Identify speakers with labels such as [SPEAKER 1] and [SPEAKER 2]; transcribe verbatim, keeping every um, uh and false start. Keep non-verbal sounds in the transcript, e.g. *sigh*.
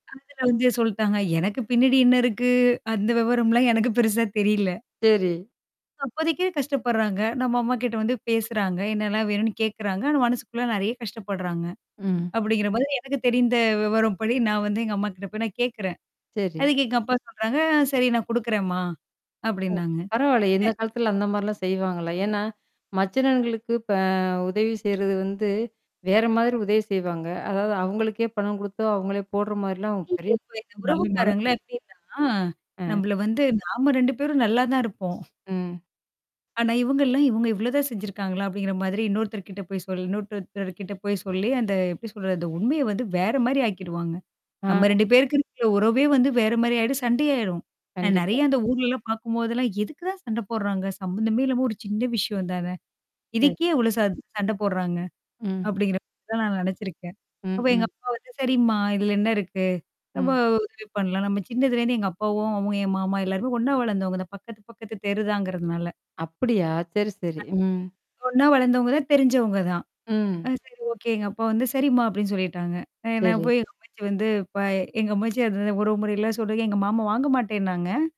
[SPEAKER 1] அதுல வந்து சொல்ட்டாங்க. எனக்கு பின்னாடி என்ன இருக்கு? அந்த விவரம்லாம் எனக்கு பெருசா தெரியல.
[SPEAKER 2] சரி.
[SPEAKER 1] அப்போதைக்கு கஷ்டப்படுறாங்க. நம்ம அம்மாக்கிட்ட வந்து பேசுறாங்க, என்னலாம் வேணும்ன்னு கேட்குறாங்க. ஆனா மனசுக்குள்ள நெறைய கஷ்டப்படுறாங்க.
[SPEAKER 2] ம்.
[SPEAKER 1] அப்படிங்கிற மாதிரி எனக்கு தெரிந்த விவரம்படி, நான் வந்து எங்க அம்மாக்கிட்ட போய் நான் கேட்குறேன்.
[SPEAKER 2] சரி.
[SPEAKER 1] அதுக்கு எங்க அப்பா சொல்றாங்க, "சரி நான் குடுக்குறேன்மா."
[SPEAKER 2] ஓ!
[SPEAKER 1] அப்படின்னாங்க.
[SPEAKER 2] பரவால்லயே!
[SPEAKER 1] அ
[SPEAKER 2] இந்த காலத்துல அந்த மாரிலாம் செய்வாங்களா? ஏன்னா, மச்சினன்களுக்கு இப்ப உதவி செய்றது வந்து வேற மாதிரி உதவி செய்வாங்க. அதாவது அவுங்களுக்கே பணம் குடுத்தோ, அவுங்களே போடுற மாரிலாம்
[SPEAKER 1] இல்லையே
[SPEAKER 2] பெரிய
[SPEAKER 1] இப்ப இந்த
[SPEAKER 2] நல்ல
[SPEAKER 1] உறவுக்காரங்கள்லாம்
[SPEAKER 2] மனசுங்க.
[SPEAKER 1] எப்படின்னா,
[SPEAKER 2] அ.
[SPEAKER 1] நம்பள வந்து நாம ரெண்டு பேரும் நல்லா தான் இருப்போம்.
[SPEAKER 2] ம்.
[SPEAKER 1] ஆனா இவங்கல்லாம், "இவுங்க இவ்வளதான் செஞ்சுருக்காங்களா?" அப்படிங்கிற மாதிரி இன்னொருத்தர்கிட்ட போய் சொல் இன்னொருட்டர்டர்கிட்ட போய் சொல்லி, அந்த எப்படி சொல்றது? அந்த உண்மைய வந்து வேற மாரி ஆக்கிடுவாங்க. நம்ம
[SPEAKER 2] ஆ.
[SPEAKER 1] ரெண்டு பேருக்கு இருக்கற உறவே வந்து வேற மாரி ஆயிடும், சண்டையாயிரும். அ நெறைய
[SPEAKER 2] கண்டிப்பா.
[SPEAKER 1] அந்த ஊர்லலாம் பார்க்கும்போதெல்லாம், "எதுக்கு தான் சண்ட போடுறாங்க? சம்மந்தமே இல்லாம ஒரு சின்ன விஷயம் தான!
[SPEAKER 2] சரி.
[SPEAKER 1] இதுக்கு ஏன் இவ்வளோ ச சண்டை போடுறாங்க?"
[SPEAKER 2] ம்.
[SPEAKER 1] அப்படிங்கிற *unintelligible* நான் நெனச்சிருக்கேன். அப்ப
[SPEAKER 2] ம்,
[SPEAKER 1] எங்க
[SPEAKER 2] ம்.
[SPEAKER 1] அப்பா வந்து, "சரிம்மா, இதுல என்ன இருக்கு? நம்ம
[SPEAKER 2] ம்.
[SPEAKER 1] உதவி பண்ணலாம் நம்ம." சின்னதுலேருந்து எங்க அப்பாவும், அவுங்க என் மாமா எல்லாருமே ஒன்னா வளர்ந்தவங்க தான். பக்கத்து, பக்கத்து தெருதாங்கிறதுனால.
[SPEAKER 2] அப்பிடியா? சரி, சரி.
[SPEAKER 1] *unintelligible*
[SPEAKER 2] ம்.
[SPEAKER 1] ஒன்னா வளர்ந்தவங்க தான், தெரிஞ்சவங்க தான். அ
[SPEAKER 2] ம்.
[SPEAKER 1] சரி ஓகே, எங்க அப்பா வந்து "சரிம்மா" அப்படின்னு சொல்லிட்டாங்க. அ நான்
[SPEAKER 2] சரி.
[SPEAKER 1] போய் எங்க அம்மாச்சி வந்து, இப்ப எங்க அம்மாச்சி அந்த உறவு முறையெல்லாம் சொல்றதுக்கு, எங்க மாமா வாங்க மாட்டேன்னாங்க.